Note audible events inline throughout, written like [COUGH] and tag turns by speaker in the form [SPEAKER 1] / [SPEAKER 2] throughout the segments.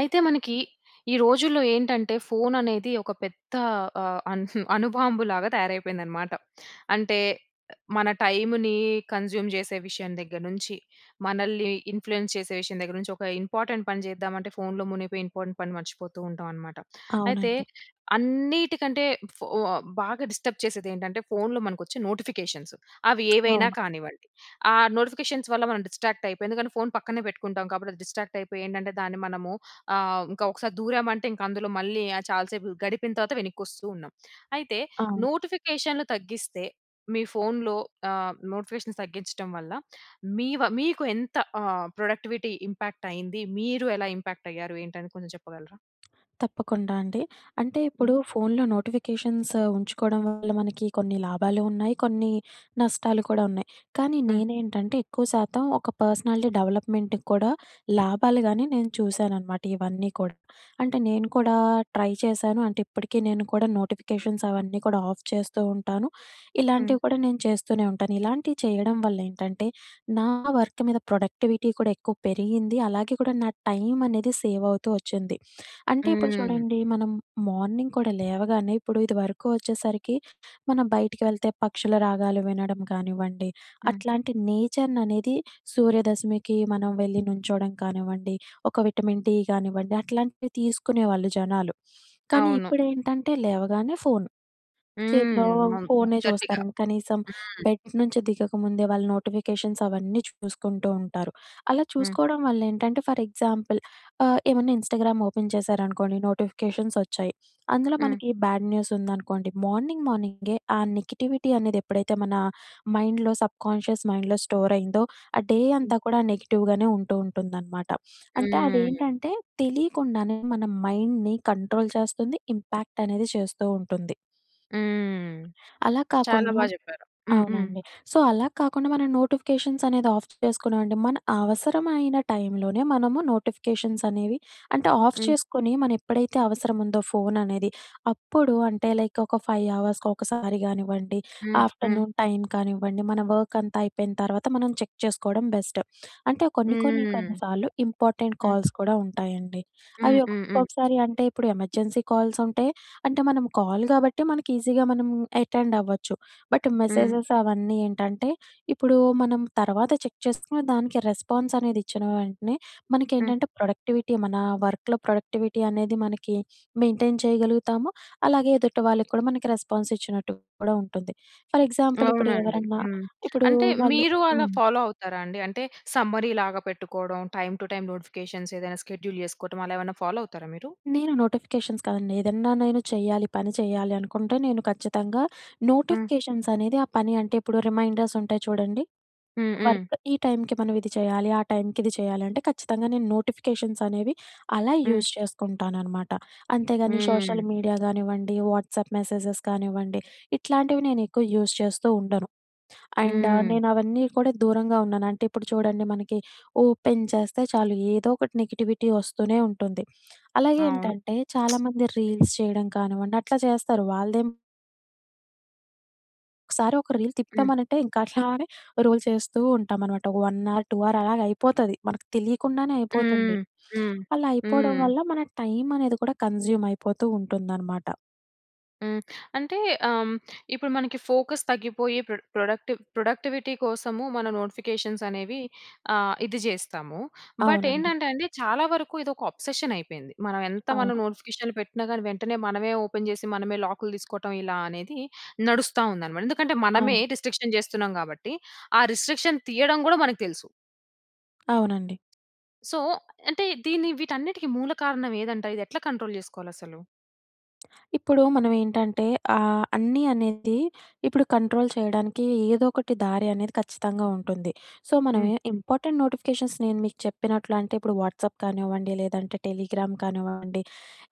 [SPEAKER 1] అయితే మనకి, ఈ రోజుల్లో ఏంటంటే, ఫోను అనేది ఒక పెద్ద ఆహ్, అణుబాంబు లాగా తయారైపోయిందనమాట. అంటే, మన టైంని కన్జ్యూమ్ చేసే విషయం దగ్గర నుంచి, మనల్ని ఇన్ఫ్లుయెన్స్ చేసే విషయం దగ్గర నుంచి, ఒక ఇంపార్టెంట్ పని చేద్దామంటే ఫోనులో మునిగిపోయి, ఇంపార్టెంట్ పని మర్చిపోతూ ఉంటామనమాట. అయితే,
[SPEAKER 2] అవునండి.
[SPEAKER 1] అన్నీటికంటే, ఫో బాగా డిస్టర్బ్ చేసేది ఏంటంటే ఫోనులో మనకొచ్చే నోటిఫికేషన్స్. అవి ఏవైనా
[SPEAKER 2] అవును.
[SPEAKER 1] కానివ్వండి. ఆహ్, నోటిఫికేషన్స్ వల్ల మనం డిస్ట్రాక్ట్ అయిపోయి, ఎందుకంటే ఫోను పక్కనే పెట్టుకుంటాం కాబట్టి అది డిస్ట్రాక్ట్ అయిపోయి ఏంటంటే దాన్ని మనము, ఆహ్, ఇంకా ఒకసారి దూరామంటే అందులో, మళ్ళీ చాలా సేపు గడిపిన తర్వాత వెనక్కి వస్తూ ఉన్నాం. అయితే
[SPEAKER 2] అవును.
[SPEAKER 1] నోటిఫికేషన్లు తగ్గిస్తే, మీ ఫోనులో, ఆహ్, నోటిఫికేషన్ తగ్గించడం వల్ల, మీవ మీకు ఎంత, ఆహ్, ప్రొడక్టివిటీ ఇంపాక్ట్ అయింది? మీరు ఎలా ఇంపాక్ట్ అయ్యారు ఏంటి అని కొంచెం చెప్పగలరా?
[SPEAKER 2] తప్పకుండా అండి. అంటే, ఇప్పుడు
[SPEAKER 1] హ్మ్.
[SPEAKER 2] ఫోనులో నోటిఫికేషన్స్ ఉంచుకోవడం వల్ల మనకి కొన్ని లాభాలు ఉన్నాయి, కొన్ని నష్టాలు కూడా ఉన్నాయి. కానీ
[SPEAKER 1] హ్మ్.
[SPEAKER 2] నేనేంటంటే ఎక్కువ శాతం ఒక పర్సనాలిటీ డెవలప్‌మెంట్‌కి కూడా లాభాలు కాని నేను చూశాననమాట ఇవన్నీ కూడా. అంటే నేను కూడా ట్రై చేశాను. అంటే ఇప్పటికీ నేను కూడా నోటిఫికేషన్స్ అవన్నీ కూడా ఆఫ్ చేస్తూ ఉంటాను.
[SPEAKER 1] హ్మ్.
[SPEAKER 2] ఇలాంటివి కూడా నేను చేస్తూనే ఉంటాను. ఇలాంటివి చేయడం వల్ల ఏంటంటే, నా వర్క్ మీద ప్రొడక్టివిటీ కూడా ఎక్కువ పెరిగింది. అలాగే కూడా నా టైమనేది సేవ్ అవుతూ వచ్చింది. అంటే ఇప్పుడు
[SPEAKER 1] హ్మ్.
[SPEAKER 2] చూడండి, మనం మార్నింగ్ కూడా లేవగానే ఇప్పుడు ఇది వరకు వచ్చేసరికి మనం బయటికి వెళ్తే పక్షుల రాగాలు వినడం కానివ్వండి,
[SPEAKER 1] హ్మ్.
[SPEAKER 2] అట్లాంటి నేచర్‌ని అనేది సూర్యదశమికి, మనం వెళ్లి నుంచోవడం కానివ్వండి, ఒక విటమిన్ డి గానివ్వండి, అట్లాంటివి తీసుకునేవాళ్ళు జనాలు. కానీ,
[SPEAKER 1] అవును.
[SPEAKER 2] ఇప్పుడేంటంటే, లేవగానే ఫోను. చేతిలో
[SPEAKER 1] హ్మ్. [UNINTELLIGIBLE]
[SPEAKER 2] ఫోనే చూస్తారండి.
[SPEAKER 1] హ్మ్.
[SPEAKER 2] కనీసం బెడ్ నుంచి దిగకముందే వాళ్ళు నోటిఫికేషన్స్ అవన్నీ చూసుకుంటూ ఉంటారు. అలా
[SPEAKER 1] హ్మ్.
[SPEAKER 2] చూసుకోవడం వల్ల ఏంటంటే ఫర్ ఎగ్జాంపుల్, ఆహ్, ఏమన్నా ఇన్‌స్టాగ్రామ్ ఓపెన్ చేశారనుకోండి, నోటిఫికేషన్స్ వచ్చాయి. అందులో
[SPEAKER 1] హ్మ్.
[SPEAKER 2] మనకి బ్యాడ్ న్యూస్ ఉందనుకోండి, మార్నింగ్ మార్నింగే ఆ నెగటివిటీ అనేది ఎప్పుడైతే మన మైండ్‍లో సబ్కాన్షియస్ మైండ్‌లో స్టోర్ అయిందో, ఆ డే
[SPEAKER 1] హ్మ్.
[SPEAKER 2] అంతా కూడా నెగెటివ్‍గానే ఉంటూ ఉంటుందనమాట. అంటే, అది
[SPEAKER 1] హ్మ్.
[SPEAKER 2] ఏంటంటే తెలియకుండానే మన మైండ్‌ని కంట్రోల్ చేస్తుంది. ఇంపాక్ట్ అనేది చేస్తూ ఉంటుంది.
[SPEAKER 1] హ్మ్.
[SPEAKER 2] అలా
[SPEAKER 1] చాలా
[SPEAKER 2] కాకుండా
[SPEAKER 1] బాగా చెప్పారు. హ్మ్. హ్మ్.
[SPEAKER 2] అవునండి. సో, అలా కాకుండా మనం నోటిఫికేషన్స్ అనేది ఆఫ్ చేసుకున్నామండి. మన అవసరమైన టైంలోనే మనము నోటిఫికేషన్సనేవి అంటే ఆఫ్
[SPEAKER 1] హ్మ్.
[SPEAKER 2] చేసుకొని, మనం ఎప్పుడైతే అవసరం ఉందో ఫోను అనేది అప్పుడు అంటే లైక్ ఒక 5 అవర్స్‌కి ఒకసారి కానివ్వండి,
[SPEAKER 1] హ్మ్. హ్మ్.
[SPEAKER 2] ఆఫ్టర్నూన్ టైమ్ కానివ్వండి, మన వర్కంతా అయిపోయిన తర్వాత మనం చెక్ చేసుకోవడం బెస్ట్. అంటే కొన్ని కొన్ని
[SPEAKER 1] హ్మ్.
[SPEAKER 2] కొన్ని సార్లు ఇంపార్టెంట్
[SPEAKER 1] హ్మ్.
[SPEAKER 2] కాల్స్ కూడా ఉంటాయండి. అవి
[SPEAKER 1] హ్మ్. హ్మ్. హ్మ్.
[SPEAKER 2] ఒక్కొక్కసారి అంటే ఇప్పుడు ఎమర్జెన్సీ కాల్స్ ఉంటాయి. అంటే మనం కాల్ గాబట్టి మనకి ఈజీగా మనం అటెండ్ అవ్వచ్చు. బట్
[SPEAKER 1] హ్మ్.
[SPEAKER 2] మెసేజెస్ అవన్నీ ఏంటంటే ఇప్పుడు మనం తర్వాత చెక్ చేసుకునే దానికి రెస్పాన్స్ అనేది ఇచ్చిన వెంటనే
[SPEAKER 1] హ్మ్.
[SPEAKER 2] మనకేంటంటే ప్రొడక్టివిటీ మన వర్క్‌లో ప్రొడక్టివిటీ అనేది మనకి మెయింటైన్ చేయగలుగుతాము. అలాగే ఎదుటి వాళ్ళకి కూడా మనకి రెస్పాన్స్ ఇచ్చినట్టు కూడా ఉంటుంది. ఫర్ ఎగ్జాంపుల్ ఇప్పుడు
[SPEAKER 1] అవునండి.
[SPEAKER 2] ఎవరన్నా
[SPEAKER 1] హ్మ్.
[SPEAKER 2] ఇప్పుడు
[SPEAKER 1] అంటే
[SPEAKER 2] వాళ్ళు
[SPEAKER 1] మీరు అలా
[SPEAKER 2] హ్మ్.
[SPEAKER 1] ఫాలో అవుతారా అండి? అంటే, సమ్మరీ లాగా పెట్టుకోవడం, టైమ్ టు టైమ్ నొటిఫికేషన్స్ ఏదైనా షెడ్యూల్ చేసుకోవడం అలా ఏమైనా ఫాలో అవుతారా మీరు?
[SPEAKER 2] నేను నోటిఫికేషన్స్ కాదండి ఏదన్నా నేను చేయాలి, పని చేయాలి అనుకుంటే నేను ఖచ్చితంగా
[SPEAKER 1] హ్మ్.
[SPEAKER 2] నోటిఫికేషన్స్ అనేది ఆ పని అంటే ఇప్పుడు రిమైండర్స్ ఉంటాయి చూడండి.
[SPEAKER 1] హ్మ్. హ్మ్.
[SPEAKER 2] వర్క్ ఈ టైంకి మనం ఇది చేయాలి, ఆ టైంకి ఇది చేయాలి. అంటే ఖచ్చితంగా నేను నోటిఫికేషన్సనేవి అలా
[SPEAKER 1] హ్మ్.
[SPEAKER 2] యూజ్ చేసుకుంటాననమాట. అంతే కాని,
[SPEAKER 1] హ్మ్.
[SPEAKER 2] సోషల్ మీడియా గానివ్వండి, వాట్సాప్ మెసేజెస్ కానివ్వండి. ఇట్లాంటివి నేను ఎక్కువ యూస్ చేస్తూ ఉండను. అండ్
[SPEAKER 1] హ్మ్.
[SPEAKER 2] నేనవన్నీ కూడా దూరంగా ఉన్నాను. అంటే ఇప్పుడు చూడండి! మనకి ఓపెన్ చేస్తే చాలు ఏదో ఒకటి నెగటివిటీ వస్తూనే ఉంటుంది. అలాగే
[SPEAKER 1] అవును.
[SPEAKER 2] ఏంటంటే చాలా మంది రీల్స్ చేయడం కానివ్వండి అట్లా చేస్తారు. వాళ్ళదేం ఒకసారి, ఒక రీల్
[SPEAKER 1] హ్మ్.
[SPEAKER 2] తిప్పుతమనంటే ఇంకా అట్లానే రోల్ చేస్తూ ఉంటామన్నమాట. 1 హావర్, 2 హావర్ అలాగా అయిపోతది. మనకు తెలియకుండానే అయిపోతుంది.
[SPEAKER 1] హ్మ్. హ్మ్.
[SPEAKER 2] అలా అయిపోవడం
[SPEAKER 1] హ్మ్.
[SPEAKER 2] వల్ల మన టైమనేది కూడా కన్సుమ్ అయిపోతూ ఉంటుందన్నమాట.
[SPEAKER 1] హ్మ్. అంటే హ్మ్, ఇప్పుడు మనకి ఫోకస్ తగ్గిపోయి, ప్రొడక్టివ్ ప్రొడక్టివిటీ కోసము మన నోటిఫికేషన్స్ అనేవి ఆహ్, ఇది చేస్తాము. బట్
[SPEAKER 2] అవునండి.
[SPEAKER 1] ఏంటంటే అండి చాలా వరకు ఇదొక అబ్సెషన్ అయిపోయింది. మనం ఎంత మనం
[SPEAKER 2] అవును.
[SPEAKER 1] నోటిఫికేషన్లు పెట్టినా కానీ, వెంటనే మనమే ఓపెన్ చేసి, మనమే లాకులు తీసుకోవటం, ఇలా అనేది నడుస్తా ఉందనమాట. ఎందుకంటే
[SPEAKER 2] అవును.
[SPEAKER 1] మనమే రిస్ట్రిక్షన్ జేస్తున్నాం కాబట్టి ఆ రిస్ట్రిక్షన్ తీయడం గూడా మనకు తెలుసు.
[SPEAKER 2] అవునండి.
[SPEAKER 1] సో, అంటే దీన్ని వీటన్నిటికి మూల కారణం ఏదంట? ఇదెట్ల కంట్రోల్ చేసుకోవాలి అసలు?
[SPEAKER 2] ఇప్పుడు మనమేంటంటే ఆ! అన్నీ అనేది ఇప్పుడు కంట్రోల్ చేయడానికి ఏదో ఒకటి దారి అనేది ఖచ్చితంగా ఉంటుంది. సో మనం
[SPEAKER 1] హ్మ్. హ్మ్.
[SPEAKER 2] ఇంపార్టెంట్ నోటిఫికేషన్స్ నేను మీకు చెప్పినట్లంటే ఇప్పుడు వాట్సాప్ కానివ్వండి, లేదంటే టెలిగ్రామ్ కానివ్వండి,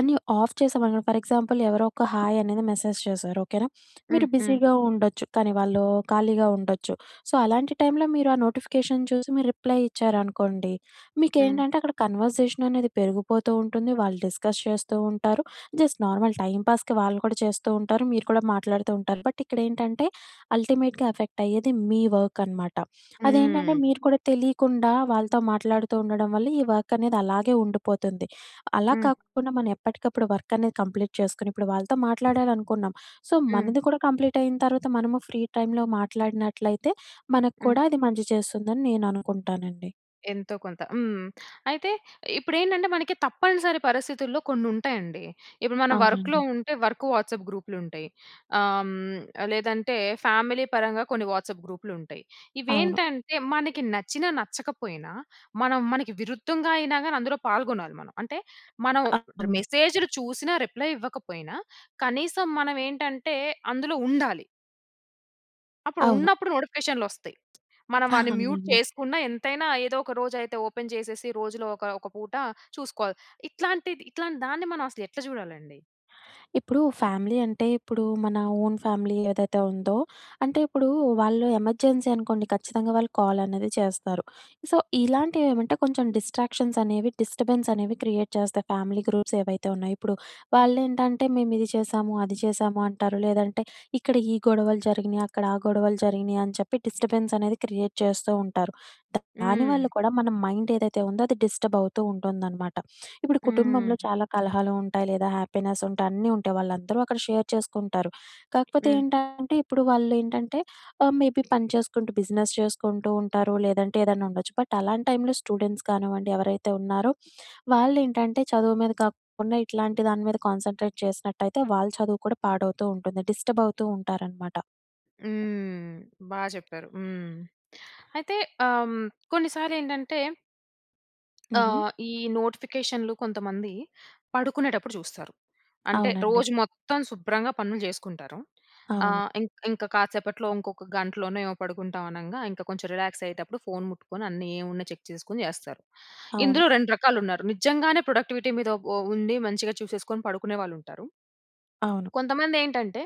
[SPEAKER 2] అన్ని ఆఫ్ చేసామనుకో ఫర్ ఎగ్జాంపుల్ ఎవరో ఒక హాయ్ అనేది మెసేజ్ చేసారు ఓకేనా!
[SPEAKER 1] హ్మ్.
[SPEAKER 2] మీరు
[SPEAKER 1] హ్మ్.
[SPEAKER 2] బిజీగా ఉండొచ్చు. కానీ వాళ్ళు ఖాళీగా ఉండొచ్చు. సో, అలాంటి టైంలో మీరు ఆ నోటిఫికేషన్ చూసి మీరు రిప్లై ఇచ్చారనుకోండి.
[SPEAKER 1] హ్మ్.
[SPEAKER 2] మీకేంటంటే అక్కడ కన్వర్జేషన్ అనేది పెరిగిపోతూ ఉంటుంది. వాళ్ళు డిస్కస్ చేస్తూ ఉంటారు. జస్ట్ నార్మల్ టైమ్ పాస్‌కి వాళ్ళు కూడా చేస్తూ ఉంటారు. మీరు కూడా మాట్లాడుతూ ఉంటారు. బట్ ఇక్కడ ఏంటంటే అంటే అల్టిమేట్‌గా ఎఫెక్ట్ అయ్యేది మీ వర్క్ అనమాట. అదేంటంటే
[SPEAKER 1] హ్మ్.
[SPEAKER 2] మీరు కూడా తెలియకుండా వాళ్ళతో మాట్లాడుతూ ఉండడం వల్ల ఈ వర్కనేది అలాగే ఉండిపోతుంది. అలా
[SPEAKER 1] హ్మ్.
[SPEAKER 2] కాకుండా మనం ఎప్పటికప్పుడు వర్కనేది కంప్లీట్ చేసుకొని ఇప్పుడు వాళ్ళతో మాట్లాడాలనుకున్నాం, సో
[SPEAKER 1] హ్మ్.
[SPEAKER 2] మనది కూడా కంప్లీట్ అయిన తర్వాత మనము ఫ్రీ టైమ్‌లో మాట్లాడినట్లయితే మనకు
[SPEAKER 1] హ్మ్.
[SPEAKER 2] కూడా అది మంచి చేస్తుందని నేను అనుకుంటానండి.
[SPEAKER 1] ఎంతో కొంత. హ్మ్. అయితే ఇప్పుడేంటంటే మనకి తప్పనిసరి పరిస్థితుల్లో కొన్ని ఉంటాయండి. ఇప్పుడు మనం వర్క్‌లో
[SPEAKER 2] అవునండి.
[SPEAKER 1] ఉంటే వర్క్ వాట్సాప్ గ్రూపులుంటాయి. ఆహ్, హ్మ్. లేదంటే ఫ్యామిలీ పరంగా కొన్ని వాట్సాప్ గ్రూపులుంటాయి.
[SPEAKER 2] అవును.
[SPEAKER 1] ఇవేంటంటే మనకి నచ్చిన, నచ్చకపోయినా మనం మనకి విరుద్ధంగా అయినా గాని అందులో పాల్గొనాలి మనం. అంటే మనం డ్ర్
[SPEAKER 2] అవును.
[SPEAKER 1] మెసేజులు చూసినా రిప్లై ఇవ్వకపోయినా కనీసం మనం ఏంటంటే అందులో ఉండాలి. అప్పుడు
[SPEAKER 2] అవును.
[SPEAKER 1] ఉన్నప్పుడు నోటిఫికేషన్లు ఒస్తాయి. మనం
[SPEAKER 2] [GIGGLES]
[SPEAKER 1] వాని మ్యూట్
[SPEAKER 2] అవునండి.
[SPEAKER 1] చేసుకున్న ఎంతైనా ఏదో ఒక రోజు అయితే ఓపెన్ జేసేసి రోజులో ఒక ఒక పూట చూసుకోవాలి. ఇట్లాంటిది ఇట్లాంటి దాన్ని మనం అసలు ఎట్ల జూడాలండి.
[SPEAKER 2] ఇప్పుడు ఫ్యామిలీ అంటే, ఇప్పుడు మన ఓన్ ఫ్యామిలీ ఏదైతే ఉందో, అంటే ఇప్పుడు వాళ్ళు ఎమర్జెన్సీ అనుకోండి, ఖచ్చితంగా వాళ్ళు కాల్ అనేది చేస్తారు. సో, ఇలాంటివి ఏమంటే కొంచెం డిస్ట్రాక్షన్స్ అనేవి, డిస్టర్బెన్స్ అనేవి క్రియేట్ చేస్తాయి. ఫ్యామిలీ గ్రూప్స్ ఏవైతే ఉన్నాయో, ఇప్పుడు వాళ్ళేంటంటే, మేము ఇది చేసాము, అది చేశాము అంటారు. లేదంటే ఇక్కడ ఈ గొడవలు జరిగినయి, అక్కడ ఆ గొడవలు జరిగినయి అని చెప్పి డిస్టర్బెన్స్ అనేది క్రియేట్ చేస్తూ ఉంటారు. దాని వల్ల
[SPEAKER 1] హ్మ్.
[SPEAKER 2] కూడా మన మైండ్ ఏదైతే ఉందో, అది డిస్టర్బ్ అవుతూ ఉంటుందనమాట. ఇప్పుడు కుటుంబంలో
[SPEAKER 1] హ్మ్.
[SPEAKER 2] చాలా కలహాలు ఉంటాయి లేదా హ్యాపీనెస్ ఉంటాయి, అన్నీ ఉంటాయి. వాళ్ళందరూ అక్కడ షేర్ చేసుకుంటారు. కాకపోతే
[SPEAKER 1] హ్మ్.
[SPEAKER 2] ఏంటంటే ఇప్పుడు వాళ్ళేంటంటే ఆహ్, మేబీ పని చేసుకుంటూ, బిజినెస్ చేసుకుంటూ ఉంటారు లేదంటే ఏదైనా ఉండొచ్చు. బట్ అలాంటి టైంలో స్టూడెంట్స్ కానివ్వండి ఎవరైతే ఉన్నారో వాళ్ళేంటంటే, చదువు మీద కాకుండా ఇట్లాంటి దాని మీద కాన్సంట్రేట్ చేసినట్టయితే, వాళ్ళ చదువు కూడా పాడవుతూ ఉంటుంది, డిస్టర్బ్ అవుతూ ఉంటారనమాట.
[SPEAKER 1] హ్మ్. బా జెప్పారు. హ్మ్. అయితే ఆహ్, కొన్నిసార్లు ఏంటంటే
[SPEAKER 2] హుహు.
[SPEAKER 1] ఆహ్, ఈ నోటిఫికేషన్లు కొంతమంది పడుకునేటప్పుడు జూస్తారు. అంటే
[SPEAKER 2] అవునండి.
[SPEAKER 1] రోజు మొత్తం శుభ్రంగా పనులు జేసుకుంటారు.
[SPEAKER 2] అవును.
[SPEAKER 1] ఆహ్, ఇంక్ ఇంక కాసేపట్లో ఇంకొక గంటలోనే ఏమొ పడుకుంటామనంగా ఇంకా కొంచెం రిలాక్స్ అయ్యేటప్పుడు ఫోన్ ముట్టుకొని అన్నీ ఏమున్నా చెక్ చేసుకొని జేస్తారు.
[SPEAKER 2] అవును.
[SPEAKER 1] ఇందులో 2 రకాలు ఉన్నారు. నిజంగానే ప్రొడక్టివిటీ మీద ఉ ఉండి మంచిగా చూసేసుకొని పడుకునే వాళ్ళుంటారు.
[SPEAKER 2] అవును.
[SPEAKER 1] [SWALLOWS] కొంతమందేంటంటే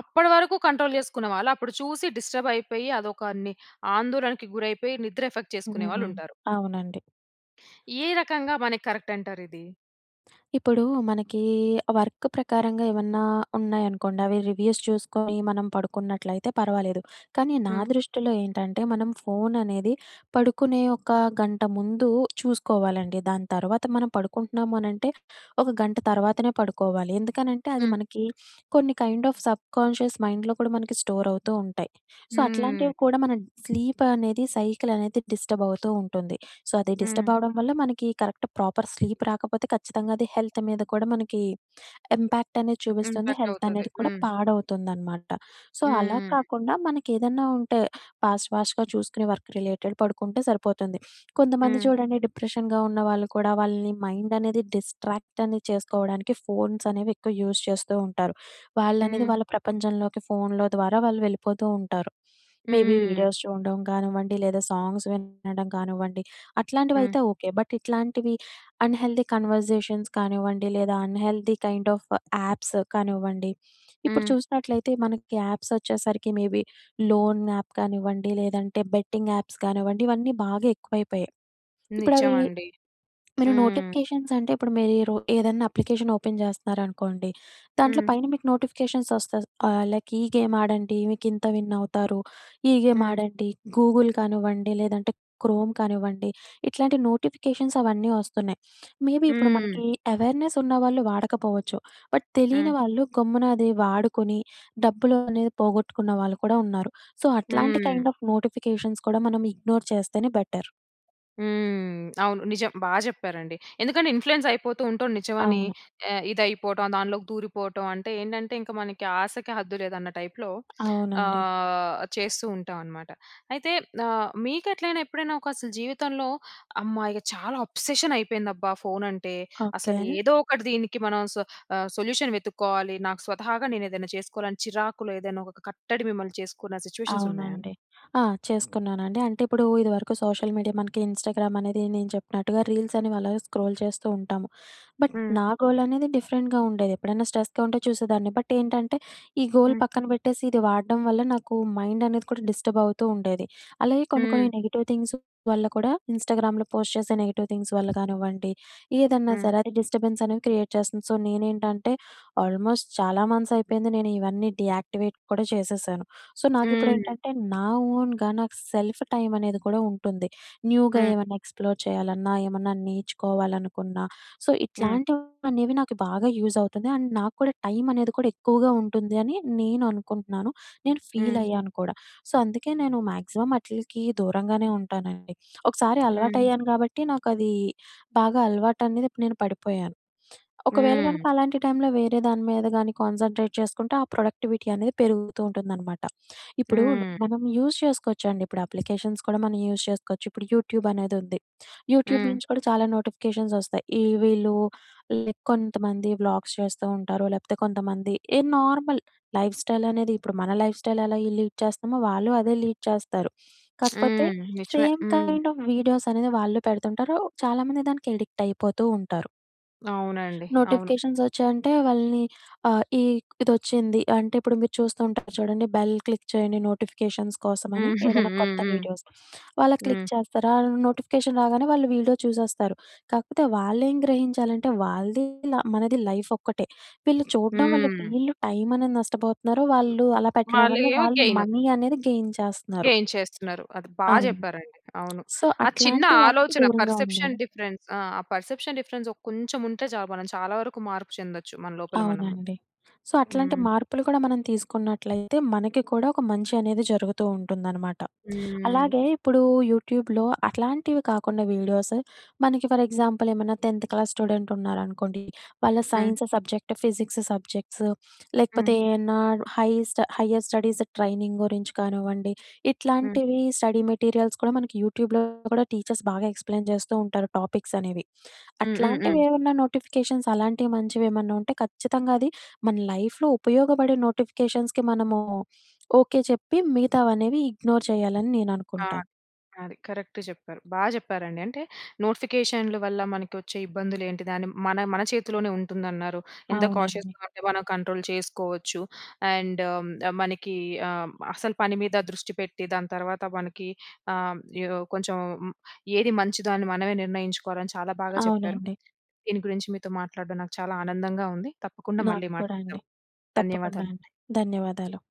[SPEAKER 1] అప్పడి వరకు కంట్రోల్ జేసుకునే వాళ్ళు అప్పుడు చూసి డిస్టర్బ్ అయిపోయి అదొక ని ఆందోళనకు గురైపోయి నిద్ర ఎఫెక్ట్ చేసుకునే
[SPEAKER 2] హ్మ్.
[SPEAKER 1] వాళ్ళుంటారు.
[SPEAKER 2] అవునండి
[SPEAKER 1] ఏ రకంగా మనకి కరెక్ట్ అంటారిది?
[SPEAKER 2] ఇప్పుడూ మనకీ వర్క్ ప్రకారంగా ఏవన్నా ఉన్నాయనుకోండి. అవి రివ్యూస్ చూసుకోని మనం పడుకున్నట్లయితే పర్వాలేదు. కానీ నా
[SPEAKER 1] హ్మ్.
[SPEAKER 2] దృష్టిలో ఏంటంటే, మనం ఫోననేది పడుకునే ఒక గంట ముందు చూసుకోవాలండి. దాని తర్వాత మనం పడుకుంటున్నాము అనంటే ఒక గంట తర్వాతనే పడుకోవాలి. ఎందుకనంటే అది
[SPEAKER 1] హ్మ్.
[SPEAKER 2] మనకి కొన్ని కైండ్ ఆఫ్ సబ్‌కాన్షియస్ మైండ్‍లో కూడా మనకి స్టోరవుతూ ఉంటాయి. సో,
[SPEAKER 1] హ్మ్.
[SPEAKER 2] అట్లాంటివి కూడా మనం స్లీపనేది, సైకిలనేది డిస్టబవుతూ ఉంటుంది. సో, అది
[SPEAKER 1] హ్మ్.
[SPEAKER 2] డిస్టబవడం వల్ల మనకి కరెక్ట్ ప్రోపర్ స్లీప్ రాకపోతే కచ్చితంగా అది హెల్త్ మీద కూడా మనకి ఇంపాక్టనేది చూపిస్తుంది.
[SPEAKER 1] ఇంపాక్ట్ అవుతది.
[SPEAKER 2] హెల్తనేది కూడా
[SPEAKER 1] హ్మ్.
[SPEAKER 2] పాడవుతుందనమాట. సో, అలా
[SPEAKER 1] హ్మ్.
[SPEAKER 2] కాకుండా మనకేదన్నా ఉంటే ఫాస్ట్ ఫాస్ట్‌గా చూసుకునే వర్క్ రిలేటెడ్ పడుకుంటే సరిపోతుంది. కొంతమంది
[SPEAKER 1] హ్మ్.
[SPEAKER 2] చూడండి. డిప్రెషన్‌గా ఉన్నవాళ్ళు కూడా వాళ్ళని మైండనేది డిస్ట్రాక్ట్ అనేది చేసుకోవడానికి ఫోన్స్ అనేవి ఎక్కువ యూజ్ చేస్తూ ఉంటారు. వాళ్ళనేది
[SPEAKER 1] హ్మ్.
[SPEAKER 2] వాళ్ళ ప్రపంచంలోకి ఫోనులో ద్వారా వాళ్ళు వెళ్ళిపోతూ ఉంటారు. మేబీ
[SPEAKER 1] హ్మ్.
[SPEAKER 2] వీడియోస్ చూడడం కానివ్వండి. లేదా సాంగ్స్ వినడం కానివ్వండి.
[SPEAKER 1] హ్మ్.
[SPEAKER 2] అట్లాంటివైతే ఓకే. బట్ ఇట్లాంటివి అన్‌హెల్దీ కన్వర్జేషన్స్ కానివ్వండి. లేదా అన్‌హెల్దీ కైండ్ ఆఫ్ యాప్స్ కానివ్వండి. ఇప్పుడు
[SPEAKER 1] హ్మ్.
[SPEAKER 2] చూసినట్లయితే మనకి యాప్సొచ్చేసరికి మేబీ లోన్ యాప్ కానివ్వండి. లేదంటే బెట్టింగ్ యాప్స్ కానివ్వండి. ఇవన్నీ బాగా ఎక్కువైపోయాయి. ఇప్పుడవీ
[SPEAKER 1] నిజవండి.
[SPEAKER 2] మీరు
[SPEAKER 1] హ్మ్.
[SPEAKER 2] నోటిఫికేషన్స్ అంటే ఇప్పుడు మీరీ రో ఏదన్నా అప్లికేషన్ ఓపెన్ చేస్తనారనుకోండి. దాంట్లో
[SPEAKER 1] హ్మ్.
[SPEAKER 2] పైన మీకు నోటిఫికేషన్స్ వస్తది. ఆహ్, లైక్ ఈ గేమాడండి. మీకింత విన్ అవుతారు. ఈ
[SPEAKER 1] హ్మ్.
[SPEAKER 2] గేమాడండి. గూగుల్ కానివ్వండి. లేదంటే క్రోమ్ కానివ్వండి. ఇట్లాంటి నోటిఫికేషన్స్ అవన్నీ వస్తున్నాయి. మేబీ ఇప్పుడు
[SPEAKER 1] హ్మ్.
[SPEAKER 2] మనకి యవేర్నెస్ ఉన్నవాళ్ళు వాడకపోవచ్చు. బట్
[SPEAKER 1] హ్మ్.
[SPEAKER 2] తెలియని వాళ్ళు గమ్మున అది వాడుకొని డబ్బులు అనేది పోగొట్టుకున్నవాళ్ళు కూడా ఉన్నారు. సో, అట్లాంటి
[SPEAKER 1] హ్మ్.
[SPEAKER 2] కైండ్ ఆఫ్ నోటిఫికేషన్స్ కూడా మనం ఇగ్నోర్ చేస్తేనే బెటర్.
[SPEAKER 1] హ్మ్. అవును. నిజం బా చెప్పారండి. ఎందుకంటే, ఇన్‌ఫ్లూయెన్స్ అయిపోతూ ఉంటాం నిజమని
[SPEAKER 2] అవును.
[SPEAKER 1] ఆహ్, ఇది అయిపోవటం దాంట్లోకి దూరిపోవటం. అంటే ఏంటంటే, ఇంక మనకి ఆశకు హద్దు లేదన్న టైపులో
[SPEAKER 2] అవునండి.
[SPEAKER 1] ఆహ్, చేస్తూ ఉంటామన్నమాట. అయితే ఆహ్, మీకెట్లైనా ఎప్పుడైనా ఒక అసలు జీవితంలో అమ్మా! ఇగ చాలా అబ్సెషన్ అయిపోయిందబ్బా! ఫోనంటే.
[SPEAKER 2] ఓకే.
[SPEAKER 1] అసలు ఏదో ఒకటి దీనికి మనం స ఆహ్, సొల్యూషన్ వెతుక్కోవాలి. నాకు స్వతహాగా నేనేదైనా చేసుకోవాలి, అని చిరాకులో ఏదైనా ఒక కట్టడి మిమ్మల్ని చేసుకున్న సిట్యుయేషన్స్ ఉన్నాయా?
[SPEAKER 2] అవునండి. ఆ! చేసుకున్నానండి. అంటే ఇప్పుడు ఇది వరకు సోషల్ మీడియా మనకి ఇన్‌స్టాగ్రామ్ అనేది నేను చెప్పినట్టుగా రీల్సనేవి అలాగే స్క్రోల్ చేస్తూ ఉంటాము. బట్
[SPEAKER 1] హ్మ్.
[SPEAKER 2] నా గోలనేది డిఫరెంట్‌గా ఉండేది. ఎప్పుడైనా స్ట్రెస్‌గా ఉంటే చూసేదాన్ని. బట్ ఏంటంటే, ఈ గోల్
[SPEAKER 1] హ్మ్.
[SPEAKER 2] పక్కన పెట్టేసి, ఇది వాడడం వల్ల నాకు మైండనేది కూడా డిస్టర్బ్ అవుతూ ఉండేది. అలాగే కొన్ని, కొన్ని
[SPEAKER 1] హ్మ్.
[SPEAKER 2] నెగెటివ్ థింగ్స్ వల్ల కూడా, ఇన్‌స్టాగ్రామ్‍లో పోస్ట్ చేసే నెగెటివ్ థింగ్స్ వల్ల గానివ్వండి, ఏదన్న
[SPEAKER 1] హ్మ్.
[SPEAKER 2] సరే అది డిస్టర్బెన్స్ అనేది క్రియేట్ చేస్తుంది. సో, నేనేంటంటే ఆల్మోస్ట్ చాలా మంత్స్ అయిపోయింది నేను ఇవన్నీ డీయాక్టివేట్ కూడా చేసేశాను. సో, నాకిప్పుడు
[SPEAKER 1] హ్మ్.
[SPEAKER 2] ఏంటంటే, నా ఓన్‍గా నాకు సెల్ఫ్ టైమ్ అనేది కూడా ఉంటుంది. న్యూగా
[SPEAKER 1] హ్మ్.
[SPEAKER 2] ఏమన్నా ఎక్స్‌ఫ్లోర్ చేయాలన్నా, ఏమన్నా నేర్చుకోవాలనుకున్నా సో,
[SPEAKER 1] హ్మ్.
[SPEAKER 2] ఇట్లాంటివనేవి నాకు బాగా యూజ్ అవుతుది. అండ్ నాకు కూడా టైమనేది కూడా ఎక్కువగా ఉంటుందని నేను అనుకుంటున్నాను. నేను ఫీల్
[SPEAKER 1] హ్మ్.
[SPEAKER 2] అయ్యాను కూడా. సో, అందుకే నేను మాక్సిమం అట్లీకి దూరంగానే ఉంటానండి. ఒకసారి అలవాటు
[SPEAKER 1] హ్మ్.
[SPEAKER 2] అయ్యాను. గాబట్టి నాకది బాగా అలవాటు అనేది ఇప్పుడు నేను పడిపోయాను. ఒకవేళ
[SPEAKER 1] హ్మ్.
[SPEAKER 2] గనక అలాంటి టైంలో వేరే దాని మీద గాని కాన్సంట్రేట్ చేసుకుంటే, ఆ ప్రొడక్టివిటీ అనేది పెరుగుతూ ఉంటుందన్నమాట. ఇప్పుడు
[SPEAKER 1] హ్మ్.
[SPEAKER 2] మనం యూజ్ చేసుకోవచ్చండి ఇప్పుడు అప్లికేషన్స్ కూడా మనం యూజ్ చేసుకోవచ్చు. ఇప్పుడు యూట్యూబ్ అనేది ఉంది. యూట్యూబ్
[SPEAKER 1] హ్మ్.
[SPEAKER 2] నుంచి కూడా చాలా నోటిఫికేషన్స్ వస్తాయి. ఈ వీళ్ళు కొంతమంది వ్లాగ్స్ చేస్తూ ఉంటారు. లేకపోతే కొంతమంది ఏ నార్మల్ లైఫ్ స్టైల్ అనేది ఇప్పుడు మన లైఫ్ స్టైల్ ఎలా లీడ్ చేస్తామో, వాళ్ళు అదే లీడ్ చేస్తారు.
[SPEAKER 1] [SMACKS LIPS]
[SPEAKER 2] కాకపోతే
[SPEAKER 1] హ్మ్. నిజమే
[SPEAKER 2] సేమ్
[SPEAKER 1] హ్మ్.
[SPEAKER 2] కైండ్ ఆఫ్ వీడియోస్ అనేది వాళ్ళు పెడుతుంటారు. చాలామంది దానికి అడిక్ట్ అయిపోతూ ఉంటారు.
[SPEAKER 1] అవునండి. అవును.
[SPEAKER 2] నోటిఫికేషన్స్ వచ్చాయంటే వాళ్ళని ఆహ్, ఈ ఇదొచ్చింది. అంటే ఇప్పుడు మీరు చూస్తూ ఉంటారు చూడండి బెల్ క్లిక్ చేయండి నోటిఫికేషన్స్ కోసమని.
[SPEAKER 1] [GIGGLES]
[SPEAKER 2] ఏదైనా కొత్త
[SPEAKER 1] హ్మ్.
[SPEAKER 2] వీడియోస్. వాళ్ళ క్లిక్
[SPEAKER 1] హ్మ్.
[SPEAKER 2] చేస్తారా నోటిఫికేషన్ రాగానే, వాళ్ళు వీడియో చూసేస్తారు. కాకపోతే వాళ్ళేం గ్రహించాలంటే వాళ్ళది ఇలా మనది లైఫ్ ఒక్కటే. వీళ్ళు చూడడం వల్ల
[SPEAKER 1] హ్మ్.
[SPEAKER 2] వీళ్ళు టైం అనేది నష్టపోతున్నారు. వాళ్ళు అలా పెట్టడం వల్ల
[SPEAKER 1] వాళ్ళయేమో
[SPEAKER 2] వాళ్ళు
[SPEAKER 1] గెయిన్.
[SPEAKER 2] మనీ అనేది గెయిన్ చేస్తున్నారు.
[SPEAKER 1] గెయిన్ చేస్తున్నారు. అది బా
[SPEAKER 2] అవును.
[SPEAKER 1] చెప్పారండి. అవును.
[SPEAKER 2] సో,
[SPEAKER 1] ఆ చిన్న
[SPEAKER 2] అట్లాంటి వాటికి
[SPEAKER 1] ఆలోచన
[SPEAKER 2] దూరంగా ఉండాలి.
[SPEAKER 1] పర్సెప్షన్ డిఫరెన్స్ ఆహ్, పర్సెప్షన్ డిఫరెన్స్. ఆ! కొంచెం ఉంటే చాలు మనం చాలా వరకు మార్పు చెందొచ్చు. మన లోపల మనము.
[SPEAKER 2] అవునండి. సో, అట్లాంటి
[SPEAKER 1] హ్మ్.
[SPEAKER 2] మార్పులు కూడా మనం తీసుకున్నట్లయితే మనకి కూడా ఒక మంచనేది జరుగుతూ ఉంటుందనమాట.
[SPEAKER 1] హ్మ్. ఆ!
[SPEAKER 2] అలాగే ఇప్పుడు యూట్యూబ్‍లో అట్లాంటివి కాకుండా వీడియోసు, మనకి ఫర్ ఎగ్జాంపుల్ ఏమన్నా టెన్త్ క్లాస్ స్టూడెంట్ ఉన్నారనుకోండి. వాళ్ళ
[SPEAKER 1] హ్మ్.
[SPEAKER 2] సైన్స్ సబ్జెక్ట్, ఫిజిక్స్ సబ్జెక్ట్స్
[SPEAKER 1] హ్మ్.
[SPEAKER 2] లేకపోతే, ఏమన్నా హై‌స్ట్ హైర్ స్టడీస్ ట్రైనింగ్ గురించి కానివ్వండి.
[SPEAKER 1] హ్మ్.
[SPEAKER 2] ఇట్లాంటివి స్టడీ మెటీరియల్స్ కూడా మనకి యూట్యూబ్‍లో కూడా టీచర్స్ బాగా ఎక్స్‌ప్లెయిన్ చేస్తూ ఉంటారు టాపిక్సనేవి.
[SPEAKER 1] హ్మ్. హ్మ్.
[SPEAKER 2] అట్లాంటివి
[SPEAKER 1] హ్మ్.
[SPEAKER 2] ఏమన్నా నోటిఫికేషన్స్ అలాంటివి మంచివేమన్నా ఉంటే, ఖచ్చితంగా అది మన లైఫ్‌లో ఉపయోగపడే నోటిఫికేషన్స్‌కి మనము ఓకే చెప్పి, మిగతావనేవి ఇగ్నోర్ చేయాలని నేను
[SPEAKER 1] ఆ!
[SPEAKER 2] అనుకుంటాను.
[SPEAKER 1] అది కరెక్ట్ చెప్పారు. బా జెప్పారండి. అంటే నోటిఫికేషన్లు వల్ల, మనకి వచ్చే ఇబ్బందులు ఏంటి దాన్ని మన మన చేతిలోనే ఉంటుందన్నారు. ఎంత
[SPEAKER 2] అవునండి.
[SPEAKER 1] కాషియస్‌గా ఉంటే మనం కంట్రోల్ చేసుకోవచ్చు. అండ్ మనకి ఆహ్, అసలు పని మీద దృష్టి పెట్టి దాని తర్వాత మనకి ఆహ్, హ్మ్, ఏదో కొంచెం ఏది మంచిదో అని మనమే నిర్ణయించుకోవాలని చాలా బాగా చెప్పారు.
[SPEAKER 2] అవునండి.
[SPEAKER 1] దీని గురించి మీతో మాట్లాడడం నాకు చాలా ఆనందంగా ఉంది. తప్పకుండా
[SPEAKER 2] నాకు
[SPEAKER 1] మళ్ళీ
[SPEAKER 2] కూడా అండి.
[SPEAKER 1] మాట్లాడుదాం.
[SPEAKER 2] తప్పకుండా అండి.
[SPEAKER 1] ధన్యవాదాలండి.
[SPEAKER 2] ధన్యవాదాలు.